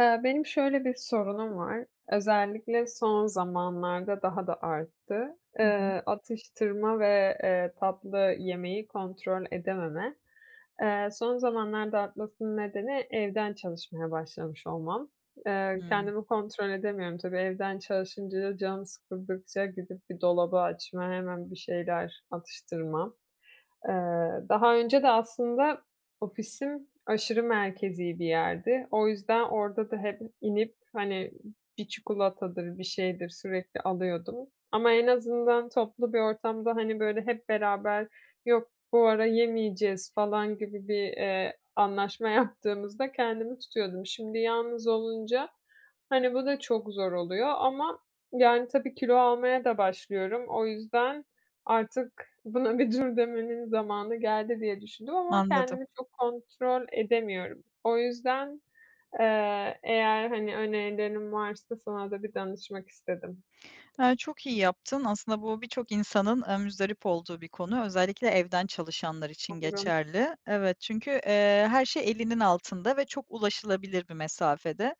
Iıı, benim şöyle bir sorunum var. Özellikle son zamanlarda daha da arttı. Hı hı. Eee, atıştırma ve, eee, tatlı yemeyi kontrol edememe. Eee, son zamanlarda artmasının nedeni evden çalışmaya başlamış olmam. Eee, Hıı. kendimi kontrol edemiyorum. Tabii evden çalışınca, canım sıkıldıkça gidip bir dolabı açma, hemen bir şeyler atıştırmam. Eee, daha önce de aslında ofisim aşırı merkezî bir yerdi. O yüzden orada da hep inip, hani, bir çikolatadır, bir şeydir sürekli alıyordum. Ama en azından toplu bir ortamda, hani, böyle, hep beraber: "Yok, bu ara yemeyeceğiz" falan gibi bir, eee, anlaşma yaptığımızda kendimi tutuyordum. Şimdi yalnız olunca, hani, bu da çok zor oluyor ama, yani, tabii, kilo almaya da başlıyorum. O yüzden artık buna bir dur demenin zamanı geldi diye düşündüm ama Anladım. kendimi çok kontrol edemiyorum. O yüzden, eee, eğer, hani, önerilerin varsa sana da bir danışmak istedim. Eee, çok iyi yaptın aslında bu birçok insanın aaa, muzdarip olduğu bir konu. Özellikle evden çalışanlar için Aynen. geçerli. Evet, çünkü, eee, her şey elinin altında ve çok ulaşılabilir bir mesafede.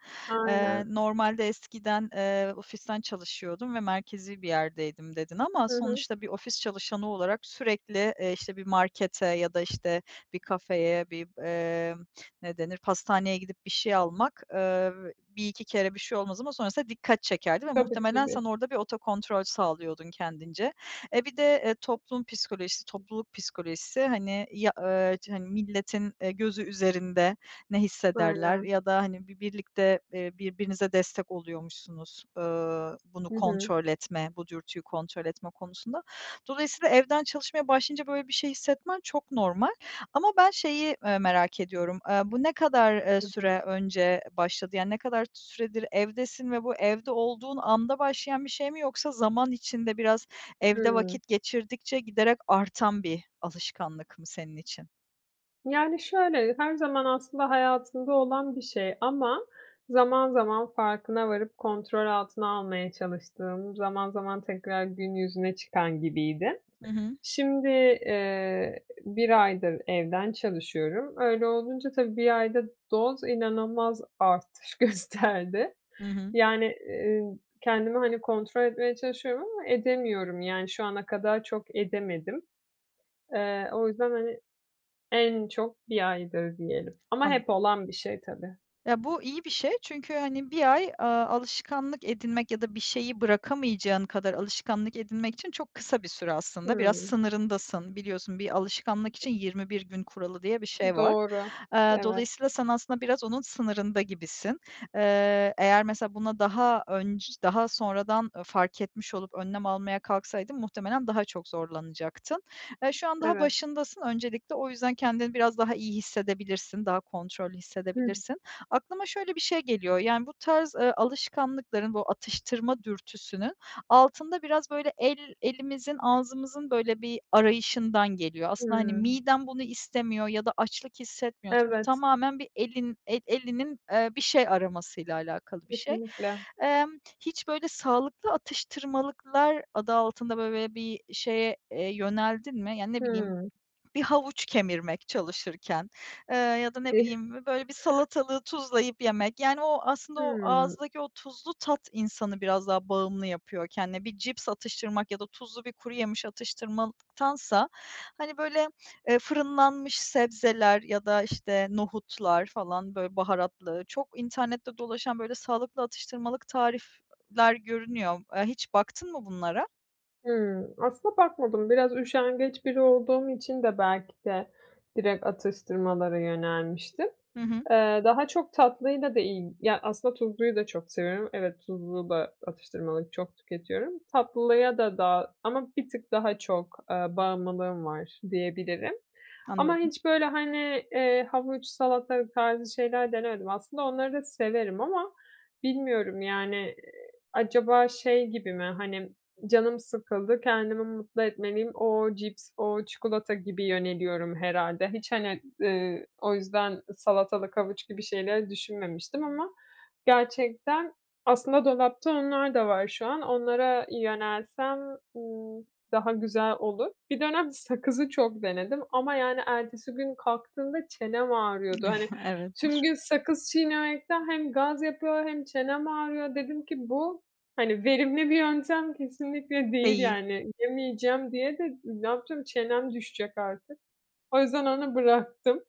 Eee, Aynen. normalde eskiden, eee, "ofisten çalışıyordum ve merkezî bir yerdeydim" dedin ama Hı hı. sonuçta bir ofis çalışanı olarak sürekli, eee, işte, bir markete ya da, işte, bir kafeye bir, eee, ne denir pastaneye gidip bir şey almak, eee, 1-2 kere bir şey olmaz ama sonrasında dikkat çekerdi ve Tabii muhtemelen ki de. sen orada bir otokontrol sağlıyordun kendince. Eee, bir de, eee, toplum psikolojisi, topluluk psikolojisi, hani, ya eee, hani, milletin, eee, gözü üzerinde ne hissederler Aynen. ya da, hani, bi birlikte, eee, birbirinize destek oluyormuşsunuz, ııı, bunu Hı hı. kontrol etme, bu dürtüyü kontrol etme konusunda. Dolayısıyla, evden çalışmaya başlayınca böyle bir şey hissetmen çok normal. Ama ben şeyi, eee, merak ediyorum; aaa, bu ne kadar, eee, [unintelligible] süre önce başladı yani ne kadar süredir evdesin ve bu evde olduğun anda başlayan bir şey mi, yoksa zaman içinde biraz evde Hıı. vakit geçirdikçe giderek artan bir alışkanlık mı senin için? Yani, şöyle, her zaman aslında hayatımda olan bir şey ama zaman zaman farkına varıp kontrol altına almaya çalıştığım, zaman zaman tekrar gün yüzüne çıkan gibiydi. Hı hı. Şimdi, eee, 1 aydır evden çalışıyorum. Öyle olunca tabii 1 ayda doz inanılmaz artış gösterdi. Hı hı. Yani, eee, ın kendimi, hani, kontrol etmeye çalışıyorum ama edemiyorum. Yani, şu ana kadar çok edemedim. Eee, o yüzden, hani, en çok 1 aydır diyelim. Ama Anladım. hep olan bir şey tabii. Ya, bu iyi bir şey çünkü hani 1 ay, aaa, alışkanlık edinmek ya da bir şeyi bırakamayacağın kadar alışkanlık edinmek için çok kısa bir süre aslında. Biraz Hımm. sınırındasın. Biliyorsun bir alışkanlık için 21 gün kuralı diye bir şey var. Doğru. Eee, Evet. dolayısıyla sen aslında biraz onun sınırında gibisin. Eee, eğer mesela buna daha önc daha sonradan, ııı, fark etmiş olup önlem almaya kalksaydın muhtemelen daha çok zorlanacaktın. Eee, şu an daha Evet. başındasın. Öncelikle o yüzden kendini biraz daha iyi hissedebilirsin, daha kontrollü Hıh. hissedebilirsin. Aklıma şöyle bir şey geliyor, yani, bu tarz, eee, alışkanlıkların, bu atıştırma dürtüsünün altında biraz, böyle, el elimizin, ağzımızın, böyle, bir arayışından geliyor. Aslında, hani, Hımm. miden bunu istemiyor ya da açlık hissetmiyorsun. Bu Evet. tamamen bir elin, el elinin, eee, bir şey aramasıyla alakalı bir şey. Kesinlikle. Emm, hiç böyle sağlıklı atıştırmalıklar adı altında, böyle, bi bir şeye, eee, yöneldin mi? Yani, ne bileyim Hımm. bir havuç kemirmek çalışırken, eee, ya da ne bileyim bö [unintelligible] böyle bir salatalığı tuzlayıp yemek. Yani, o aslında o Hımm. ağızdaki o tuzlu tat insanı biraz daha bağımlı yapıyor kendine. Bir cips atıştırmak ya da tuzlu bir kuruyemiş atıştırmal tansa hani, böyle, eee, fırınlanmış sebzeler ya da, işte, nohutlar falan, böyle, baharatlı, çok internette dolaşan, böyle, sağlıklı atıştırmalık tarifler görünüyor. Eee, hiç baktın mı bunlara? Hımm, aslında bakmadım. Biraz üşengeç biri olduğum için de belki de direkt atıştırmalara yönelmiştim. Hı hı. Eee, daha çok tatlıyla da iyi ya, aslında tuzluyu da çok seviyorum. Evet, tuzlu da atıştırmalık çok tüketiyorum. Tatlıya da daha ama bir tık daha çok, eee, bağımlılığım var diyebilirim. Ama Anladım. hiç böyle, hani, eee, havuç, salatalık tarzı şeyler denemedim. Aslında onları da severim ama bilmiyorum, yani. Eee, acaba şey gibi mi? Hani, “Canım sıkıldı, kendimi mutlu etmeliyim. O cips, o çikolata.” gibi yöneliyorum herhâlde. Hiç hani, ııı, o yüzden salatalık, havuç gibi şeyleri düşünmemiştim. Ama gerçekten, aslında dolapta onlar da var şu an. Onlara yönelsem, ımm, daha güzel olur. Bir dönem sakızı çok denedim ama, yani, ertesi gün kalktığımda çenem ağrıyordu. Hani Evet. tüm gün sakız çiğnemekten hem gaz yapıyor hem çenem ağrıyor. Dedim ki “Bu hani, verimli bir yöntem kesinlikle değil" Değil. yani. Yemeyeceğim diye de ne yapacağım? Çenem düşecek artık. O yüzden onu bıraktım.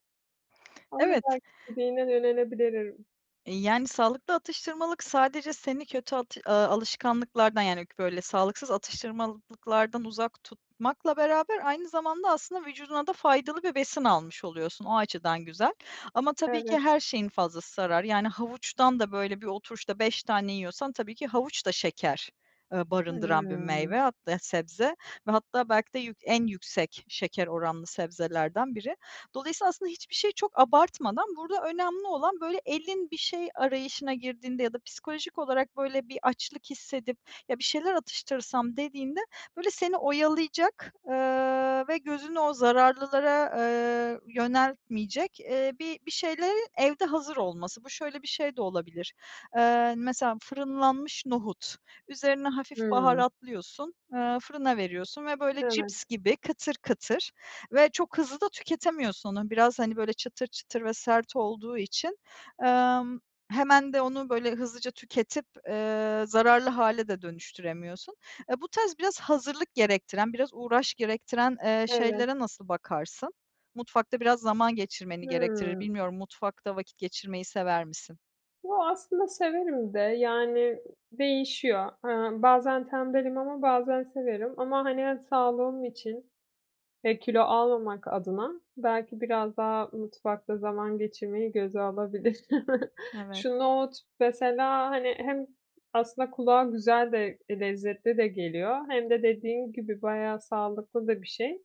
Ama Evet. belki dediğine de yönelebilirim. Eee, yani, sağlıklı atıştırmalık sadece seni kötü at eee, alışkanlıklardan, yani, böyle, sağlıksız atıştırmalıklardan uzak tutmakla beraber, aynı zamanda aslında vücuduna da faydalı bir besin almış oluyorsun. O açıdan güzel. Ama tabii ki Evet. her şeyin fazlası zarar. Yani, havuçtan da böyle bir oturuşta 5 tane yiyorsan, tabii ki havuç da şeker, eee, barındıran bir Hıı. meyve. Hatta sebze ve hatta belki de yük en yüksek şeker oranlı sebzelerden biri. Dolayısıyla aslında hiçbir şey çok abartmadan, burada önemli olan böyle elin bir şey arayışına girdiğinde ya da psikolojik olarak böyle bir açlık hissedip “Ya, bir şeyler atıştırsam.” dediğinde, böyle seni oyalayacak, eee, ve gözünü o zararlılara, eee, yöneltmeyecek, eee, bi bir şeylerin evde hazır olması. Bu şöyle bir şey de olabilir. Eee, mesela fırınlanmış nohut. Üzerine hafif Hıı. baharatlıyorsun, eee, fırına veriyorsun ve böyle Evet. cips gibi kıtır kıtır ve çok hızlı da tüketemiyorsun onu. Biraz, hani, böyle çıtır çıtır ve sert olduğu için. Emm, hemen de onu böyle hızlıca tüketip, eee, zararlı hale de dönüştüremiyorsun. Eee, bu tarz biraz hazırlık gerektiren, biraz uğraş gerektiren, eee, Evet. şeylere nasıl bakarsın? Mutfakta biraz zaman geçirmeni gerektirir. Hıı. Bilmiyorum mutfakta vakit geçirmeyi sever misin? Yoo, aslında severim de yani değişiyor. Eee, bazen tembelim. Ama bazen severim. Ama hani, eee, sağlığım için, eee, kilo almamak adına belki biraz daha mutfakta zaman geçirmeyi göze alabilirim. Evet. Şu nohut mesela, hani, hem aslında kulağa güzel de lezzetli de geliyor hem de dediğin gibi bayağı sağlıklı da bir şey.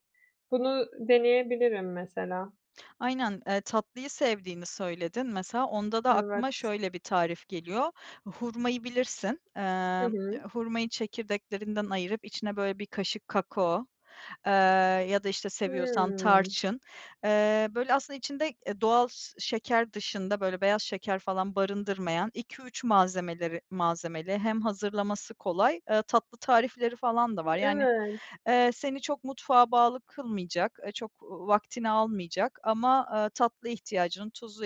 Bunu deneyebilirim mesela. Aynen, eee, tatlıyı sevdiğini söyledin, mesela onda da Evet. aklıma şöyle bir tarif geliyor. Hurmayı bilirsin. Hı Eee, hı. hurmayı çekirdeklerinden ayırıp içine böyle bir kaşık kakao, eee, ya da işte seviyorsan Hıı. tarçın. Eee, böyle aslında içinde, eee, doğal s şeker dışında, böyle, beyaz şeker falan barındırmayan 2 3 malzemeleri malzemeli hem hazırlaması kolay, eee, tatlı tarifleri falan da İ var. Yani, evet. eee, seni çok mutfağa bağlı kılmayacak, eee, çok va vaktini almayacak ama, aaa, tatlı ihtiyacını, tuzlu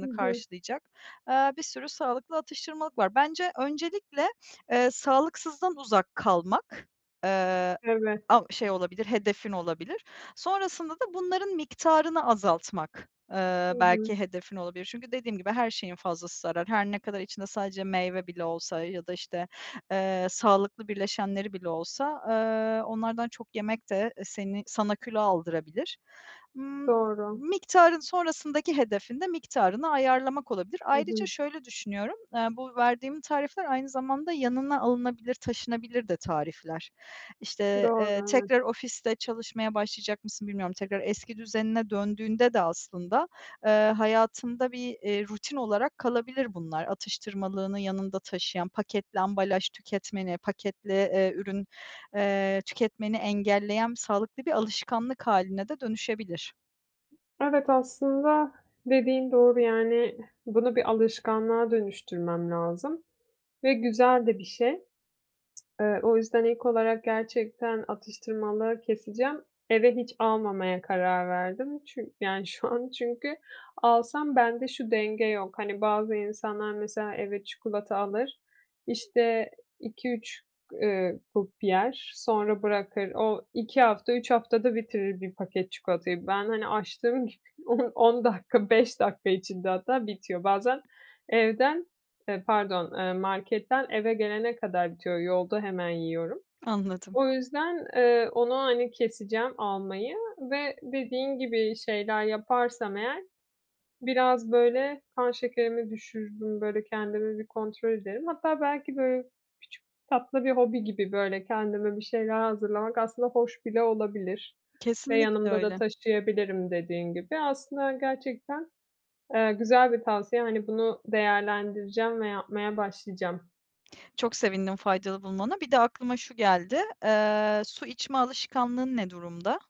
Hı hı. karşılayacak, eee, bir sürü sağlıklı atıştırmalık var. Bence öncelikle, eee, sağlıksızdan uzak kalmak, eee, Evet. av şey olabilir, hedefin olabilir. Sonrasında da bunların miktarını azaltmak, eee, Hı hı. belki hedefin olabilir. Çünkü dediğim gibi her şeyin fazlası zarar. Her ne kadar içinde sadece meyve bile olsa ya da işte, eee, sağlıklı birleşenleri bile olsa, eee, onlardan çok yemek de e seni sana kilo aldırabilir. Imm, m Doğru. miktarın sonrasındaki hedefin de miktarını ayarlamak olabilir. Hı Ayrıca hı. şöyle düşünüyorum, eee, bu verdiğim tarifler aynı zamanda yanına alınabilir, taşınabilir de tarifler. İşte, eee, Doğru, evet. tekrar ofiste çalışmaya başlayacak mısın, bilmiyorum. Tekrar eski düzenine döndüğünde de aslında, eee, hayatında bir, eee, rutin olarak kalabilir bunlar. Atıştırmalığını yanında taşıyan, paketli ambalaj tüketmeni, paketli, eee, ürün, eee, tüketmeni engelleyen sağlıklı bir alışkanlık haline de dönüşebilir. Evet, aslında dediğin doğru, yani, bunu bir alışkanlığa dönüştürmem lazım ve güzel de bir şey. Eee, o yüzden ek olarak gerçekten atıştırmalığı keseceğim. Eve hiç almamaya karar verdim. Çün yani, şu an çünkü alsam bende şu denge yok, hani, bazı insanlar mesela eve çikolata alır, işte, 2-3 g eee, grup yer, sonra bırakır. O, 2 hafta, 3 haftada bitirir bir paket çikolatayı. Ben, hani, açtığım gibi on on dakika, 5 dakika içinde hatta bitiyor. Bazen evden, eee, pardon, eee, marketten eve gelene kadar bitiyor. Yolda hemen yiyorum. Anladım. O yüzden, eee, onu, hani, keseceğim almayı ve dediğin gibi şeyler yaparsam eğer biraz, böyle, kan şekerimi düşürürüm, böyle, kendimi bir kontrol ederim. Hatta belki, böyle, küçük tatlı bir hobi gibi, böyle, kendime bir şeyler hazırlamak aslında hoş bile olabilir ve Kesinlikle yanımda da öyle. taşıyabilirim dediğin gibi. Aslında, hani, gerçekten, eee, güzel bir tavsiye, hani, bunu değerlendireceğim ve yapmaya başlayacağım. Çok sevindim faydalı bulmana. Bir de aklıma şu geldi. Eee, su içme alışkanlığın ne durumda?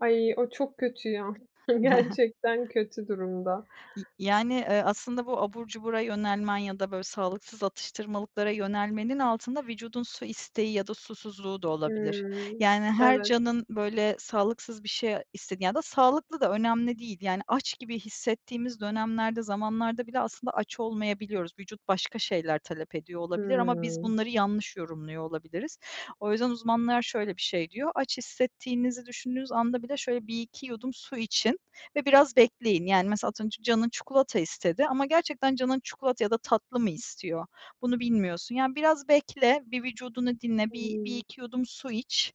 Ay o çok kötü ya. Gerçekten kötü durumda. İii, y yani, eee, aslında bu abur cubura yönelmen ya da böyle sağlıksız atıştırmalıklara yönelmenin altında vücudun su isteği ya da susuzluğu da olabilir. Hıı. Yani, her Evet. canın, böyle, sağlıksız bir şey isted ya da sağlıklı da önemli değil yani aç gibi hissettiğimiz dönemlerde, zamanlarda bile aslında aç olmayabiliyoruz. Vücut başka şeyler talep ediyor olabilir ama biz Hımm. bunları yanlış yorumluyor olabiliriz. O yüzden uzmanlar şöyle bir şey diyor: "Aç hissettiğinizi düşündüğünüz anda bile şöyle 1 2 yudum su için ve biraz bekleyin." Yani, mesela az önce canın çikolata istedi ama gerçekten canın çikolata ya da tatlı mı istiyor, bunu bilmiyorsun. Yani biraz bekle, bir vücudunu dinle, bir bir Hımm. iki yudum su iç.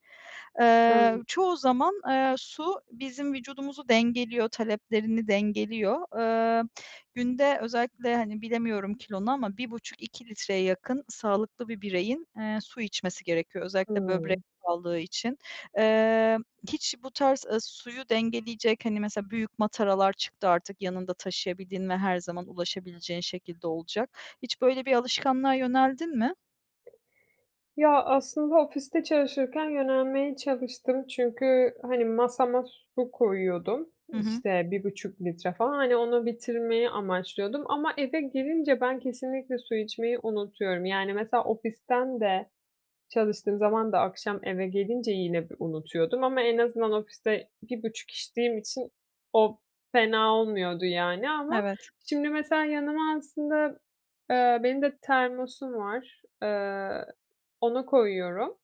Eee, Evet. çoğu zaman, eee, su bizim vücudumuzu dengeliyor, taleplerini dengeliyor. Emm, günde özellikle, hani, bilemiyorum kilonu ama 1,5-2 litreye yakın sağlıklı bir bireyin, eee, su içmesi gerekiyor, özellikle böbrek Hımm. sağlığı için. Emm, hiç bu tarz, ııı, suyu dengeleyecek, hani, mesela büyük mataralar çıktı artık, yanında taşıyabildiğin ve her zaman ulaşabileceğin şekilde olacak. Hiç böyle bir alışkanlığa yöneldin mi? Ya, aslında ofiste çalışırken yönelmeye çalıştım. Çünkü, hani, masama su koyuyordum, Hı hı. işte, 1,5 litre falan. Hani, onu bitirmeyi amaçlıyordum ama eve gelince ben kesinlikle su içmeyi unutuyorum. Yani, mesela, ofisten de çalıştığım zaman da akşam eve gelince yine b unutuyordum ama en azından ofiste 1,5 içtiğim için o fena olmuyordu, yani, ama, Evet. şimdi, mesela, yanıma aslında, eee, benim de termosum var. Eee, ona koyuyorum.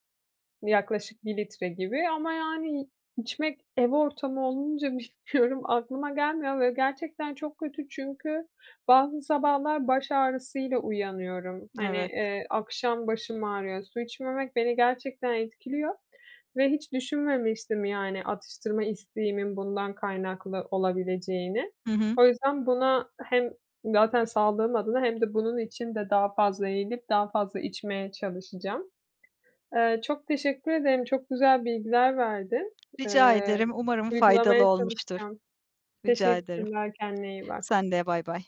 Yaklaşık 1 litre gibi ama, yani, içmek, ev ortamı olunca bilmiyorum, aklıma gelmiyor ve gerçekten çok kötü. Çünkü bazı sabahlar baş ağrısıyla uyanıyorum. Hani, Evet. eee, akşam başım ağrıyor. Su içmemek beni gerçekten etkiliyor ve hiç düşünmemiştim, yani, atıştırma isteğimin bundan kaynaklı olabileceğini. Hı hı. O yüzden buna hem zaten sağlığım adına hem de bunun için de daha fazla eğilip daha fazla içmeye çalışacağım. Eee, çok teşekkür ederim. Çok güzel bilgiler verdin. Rica Eee, ederim. Umarım faydalı uygulamaya olmuştur. çalışacağım. Rica ederim. Teşekkürler, kendine iyi bak. Sen de bye bye.